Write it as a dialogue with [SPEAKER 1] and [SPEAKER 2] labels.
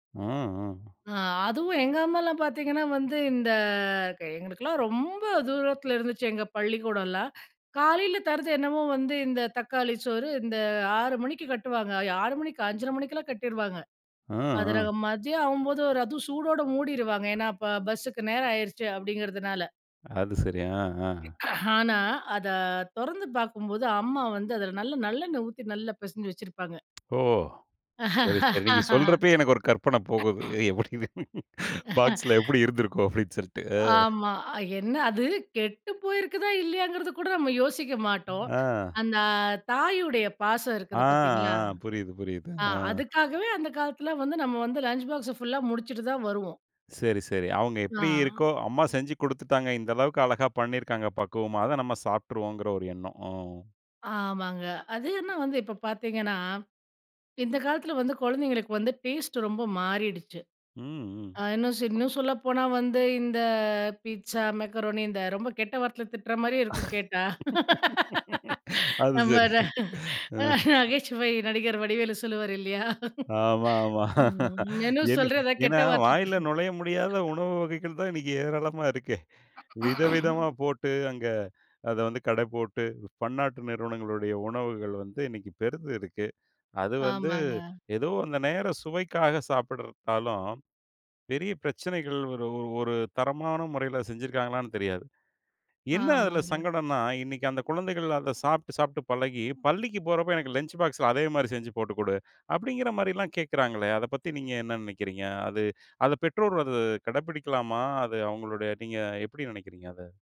[SPEAKER 1] ம். ம்.
[SPEAKER 2] அ. அதுவும் எங்க அம்மாலாம் பாத்தீங்கன்னா வந்து இந்த க எங்களுக்குலாம் ரொம்ப தூரத்துல இருந்துச்சு எங்க பள்ளிக்கூடலாம். காலையில தரது என்னவோ வந்து இந்த தக்காளி சோறு இந்த 6:00 மணிக்கு கட்டுவாங்க. 6:00 மணிக்கா, 5:30 மணிக்குலாம் கட்டிடுவாங்க.
[SPEAKER 1] அ.
[SPEAKER 2] அதுல
[SPEAKER 1] அ.
[SPEAKER 2] மதியம் ஆவும்போது ஒரு அது சூடோடு மூடிடுவாங்க. ஏன்னா அப்ப பஸ்ஸுக்கு நேரம் ஆயிருச்சு அப்டிங்கிறதுனால.
[SPEAKER 1] அது சரி. அ. அ.
[SPEAKER 2] ஆனா அத தொறந்து பாக்கும்போது, அம்மா வந்து அதுல நல்ல நல்லெண்ணெ ஊத்தி நல்லா பெசஞ்சி வச்சிருப்பாங்க.
[SPEAKER 1] ஓ! சரி, சரி. நீங்க சொல்றப்பயே எனக்கு ஒரு கற்பன போகுது. "எப்டி பாக்ஸ்ல எப்படி இருந்திருக்கும்?" அப்டின்னு சொல்ட்டு. அ.
[SPEAKER 2] ஆமா. என்ன அது கெட்டு போயிருக்குதா, இல்லையாங்கிறது கூட நம்ம யோசிக்க மாட்டோம்.
[SPEAKER 1] ஆ.
[SPEAKER 2] அந்த தாயுடைய பாசம்
[SPEAKER 1] ஆ.
[SPEAKER 2] இருக்குது பாத்தீங்களா,
[SPEAKER 1] ஆ. புரியுது புரியுது
[SPEAKER 2] ஆ
[SPEAKER 1] ஆ.
[SPEAKER 2] அதுக்காகவே அந்த காலத்துல வந்து நம்ம வந்து லஞ்ச் பாக்ஸ ஃபுல்லா முடிச்சுட்டு தான் வருவோம்.
[SPEAKER 1] சரி, சரி. "அவங்க எப்டி
[SPEAKER 2] ஆ.
[SPEAKER 1] இருக்கோ அம்மா செஞ்சு குடுத்துட்டாங்க, இந்த அளவுக்கு அழகா பண்ணிருக்காங்க பக்குவமா. அத நம்ம சாப்ட்ருவோங்கற" ஒரு எண்ணம். ம்.
[SPEAKER 2] ஆமாங்க. அது இன்ன வந்து இப்ப பாத்தீங்கன்னா, இந்த காலத்துலல வந்து கொழந்தைங்களுக்கு வந்து டேஸ்ட் ரொம்ப மாறிடுச்சு.
[SPEAKER 1] ம். ம்.
[SPEAKER 2] அ இன்னுஸ் இன்னும் சொல்லப்போனா வந்து இந்த பீட்ஸா, மெக்கரோனி இந்த ரொம்ப கெட்ட வார்த்தையில திட்ற மாரியேருக்கும் கேட்டா.
[SPEAKER 1] அது
[SPEAKER 2] நம்ம
[SPEAKER 1] சரி. அ.
[SPEAKER 2] நகைச்சுவை நடிகர் வடிவேலு சொல்லுவாரு இல்லையா.
[SPEAKER 1] ஆமா. ஆமா.
[SPEAKER 2] மெனு
[SPEAKER 1] என்ன
[SPEAKER 2] சொல்ற? எதா கெட்ட
[SPEAKER 1] ஏன்னா
[SPEAKER 2] வார்த்தைல
[SPEAKER 1] வாயில
[SPEAKER 2] திட்ற.
[SPEAKER 1] நுழைய முடியாத உணவு வகைகள் தான் இன்னிக்கு ஏராளமா இருக்கே. வித விதமா போட்டு, அங்க அத வந்து கட போட்டு, பன்னாட்டு நிறுவனங்களுடைய உணவுகள் வந்து இன்னைக்கு பெருத்து இருக்கு. அது வந்து
[SPEAKER 2] ஆமாங்க.
[SPEAKER 1] ஏதோ அந்த நேர சுவைக்காக சாப்பிடறதாலும், பெரிய பிரச்சனைகள் ஒரு ஒரு தரமான முறையில செஞ்சிருக்காங்களான்னு தெரியாது. என்ன அதுல
[SPEAKER 2] ஆமாங்க.
[SPEAKER 1] சங்கடன்னா, இன்னிக்கு அந்த குழந்தைகள் அத சாப்ட்டு, சாப்ட்டு பழகி, பள்ளிக்கு போறப்போ "எனக்கு லஞ்ச் பாக்ஸ்ல அதே மாரி செஞ்சு போட்டு கொடு." அப்டிங்கிற மாரிலாம் கேக்கராங்களே! அத பத்தி நீங்க என்ன நினைக்கிறிங்க. அது அத பெற்றோர் அத கடபிடிக்கலாமா? அது அவங்களுடைய நீங்க எப்டி நினைக்கிறிங்க அத?